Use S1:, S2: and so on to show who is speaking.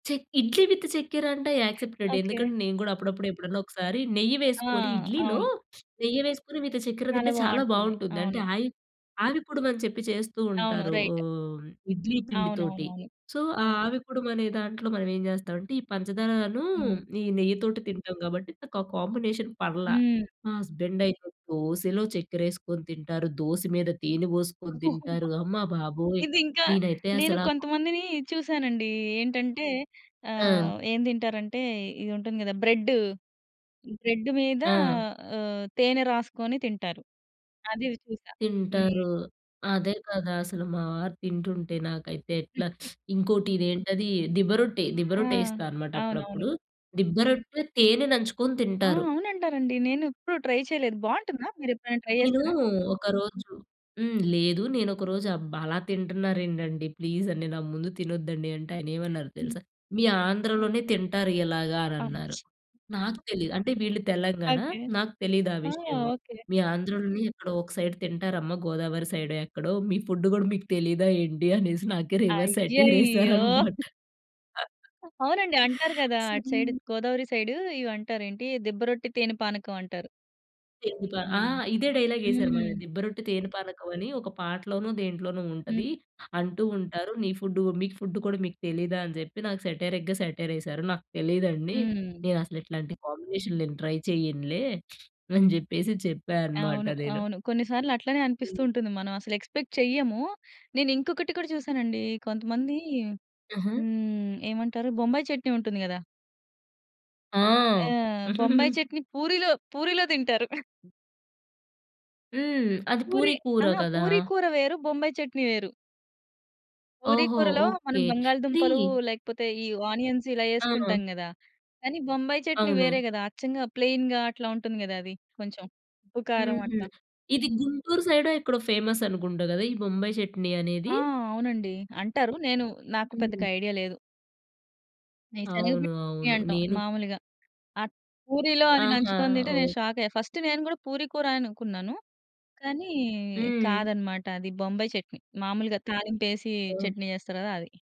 S1: Check idli with చక్కెర అంటే accepted
S2: okay.
S1: ఎందుకంటే నేను కూడా అప్పుడప్పుడు ఎప్పుడన్నా ఒకసారి నెయ్యి
S2: ఆ!
S1: వేసుకొని ఇడ్లీలో
S2: అవును.
S1: నెయ్యి వేసుకొని విత్ చక్కెర
S2: చాలా
S1: తింటే చాలా
S2: బావుంటుంది.
S1: బావుంటుంది అంటే
S2: అవును.
S1: ఆయి ఆవిరి కుడుమని చెప్పి చేస్తూ
S2: అవును.
S1: ఉంటారు.
S2: రైట్.
S1: ఓహ్, ఇడ్లీ పిండితోటి.
S2: అవునవునవును.
S1: సో ఆ ఆవి కుడుమనే దాంట్లో మనం ఏం చేస్తామంటే ఈ పంచదారను,
S2: హ్మ్.
S1: ఈ నెయ్యి తోటి తింటాం కాబట్టి నాకు ఆ కాంబినేషన్ పర్ల.
S2: హ్మ్.
S1: మా హస్బెండ్ అయితే దోసలో చక్కెరేసుకొని తింటారు దోస మీద తేనె పోసుకొని తింటారు అమ్మబాబోయ్!
S2: ఇదింకా
S1: నేనైతే
S2: నేను
S1: అసలా
S2: కొంతమందిని చూసానండి ఏంటంటే
S1: ఆ!
S2: ఆహ్, ఏం తింటారంటే ఇది ఉంటుంది గదా! బ్రెడ్డు, బ్రెడ్డు మీద
S1: ఆ!
S2: ఆహ్, తేనె రాసుకొని తింటారు. అది చూసా. హ్మ్.
S1: తింటారు. అదే కదా! అసలు మావారు తింటుంటే నాకైతే ఎట్లా ఇంకోటి ఇదేంటది దిబ్బ రొట్టె, దిబ్బ
S2: ఆ!
S1: రొట్టె ఏస్తాన్నమాట
S2: అవునవును.
S1: అప్పుడప్పుడు. దిబ్బ రొట్టె తేనె నంచుకొని
S2: ఆ!
S1: తింటారు.
S2: అవునంటారండి నేను ఎప్పుడు ట్రై చేయలేదు బావుంటుందా? మీరు ఎప్పుడైనా ట్రై
S1: నేను
S2: జేశార?
S1: ఒకరోజు హ్మ్. లేదు నేను ఒకరోజు అబ్బా! అలా తింటున్నారేంటండి ప్లీజ్ అండి నా ముందు తినొద్దండి అంటే ఆయన ఏమన్నారో
S2: హ్మ్.
S1: తెలుసా? మీ ఆంధ్రలోనే తింటారు ఇలాగా అనన్నారు.
S2: అయ్యో!
S1: నాకు తెలియదు అంటే వీళ్ళు తెలంగాణ
S2: ఓకే.
S1: నాకు తెలీదా
S2: ఆ!
S1: విషయం.
S2: ఓకే.
S1: మీ ఆంధ్రలోనే ఎక్కడో ఒక సైడ్ తింటారమ్మ గోదావరి సైడే ఎక్కడో మీ ఫుడ్ గూడా మీకు తెలీదా ఏంటి? అనేసి నాకే రివర్స్ సెటైర్
S2: అయ్యయ్యో!
S1: ఎసారనమాట.
S2: ఓహ్! అవునండి. అంటారు గదా! అటు
S1: సరే
S2: సైడ్ గోదావరి సైడు ఇవి అంటారు ఏంటి దిబ్బ రొట్టి తేనె పానకం అంటారు.
S1: ఎందుకా ఆ!
S2: హ్మ్.
S1: ఇదే డైలాగేసారు
S2: హ్మ్.
S1: మళ్ళా దిబ్బరొట్టె తేనె పానకమనీ ఒక పాటలోనో, దేంట్లోనో ఉంటది
S2: హ్మ్.
S1: అంటూ ఉంటారు. నీ ఫుడ్డు మీకు ఫుడ్డు కూడా మీకు తెలీదా? అని చెప్పి నాకు సేటైరిగ్గ సటైరేశారు. నాకు తెలీదండి!
S2: హ్మ్.
S1: నేను అసలు ఇట్లాంటి కాంబినేషన్‌లు నేను ట్రై చేయనులే అని చెప్పేసి చెప్పానమాట
S2: అవును.
S1: నేను!
S2: అవును. కొన్ని సార్లు అట్లనే అనిపిస్తూ
S1: హ్మ్.
S2: ఉంటుంది. మనం అసలు ఎక్స్‌పెక్ట్ చెయ్యము. నేను ఇంకొకటి కూడా చూసానండి కొంతమంది
S1: ఆహా!
S2: హ్మ్. ఏమంటారు బొంబాయి చట్నీ ఉంటుంది కదా!
S1: ఆ!
S2: ఆహ్, బొంబాయి చట్నీ పూరిలో, పూరిలో తింటారు.
S1: హ్మ్. అది
S2: పూరి
S1: పూరి కూర
S2: ఆహా!
S1: కదా!
S2: పూరి కూర వేరు, బొంబాయి చట్నీ వేరు. పూరి
S1: ఓహో!
S2: కూరలో మనం
S1: ఓకే.
S2: బంగాళదుంపలు
S1: ఇది
S2: లేకపోతే ఈ ఆనియన్స్ ఇలా
S1: ఆ!
S2: ఎసుకుంటాం గదా! కానీ బొంబాయి చట్నీ వేరే
S1: అవును.
S2: గదా! అచ్చంగా ప్లెయిన్‌గా అట్లా ఉంటుంది గదా. అది కొంచెం ఉప్పు కారం
S1: హుహు.
S2: అట్లా.
S1: ఇది గుంటూరు సైడో, ఎక్కడో ఫేమస్ అనుకుంటా గాదా! ఈ బొంబాయి చట్నీ
S2: ఆ!
S1: అనేది.
S2: అవునండి. అంటారు. నేను నాకు పెద్దగా
S1: హ్మ్.
S2: ఐడియా లేదు. మేం శనగపిండి
S1: అవును.
S2: చట్నీ
S1: అవును.
S2: అంటాం
S1: నేను
S2: మాములుగా. అట్ల పూరిలో అది
S1: ఆహా!
S2: నంచుకొని తింటే నేను
S1: ఓహ్!
S2: షాక్ అయ్యా. ఫస్ట్ నేను కూడా పూరి కూర అనుకున్నాను కానీ
S1: హ్మ్.
S2: కాదన్నమాట అది బొంబాయి చట్నీ. మాములుగా తాలింపు ఎసి
S1: ఓహ్!
S2: చట్నీ చేస్తారు కదా అది.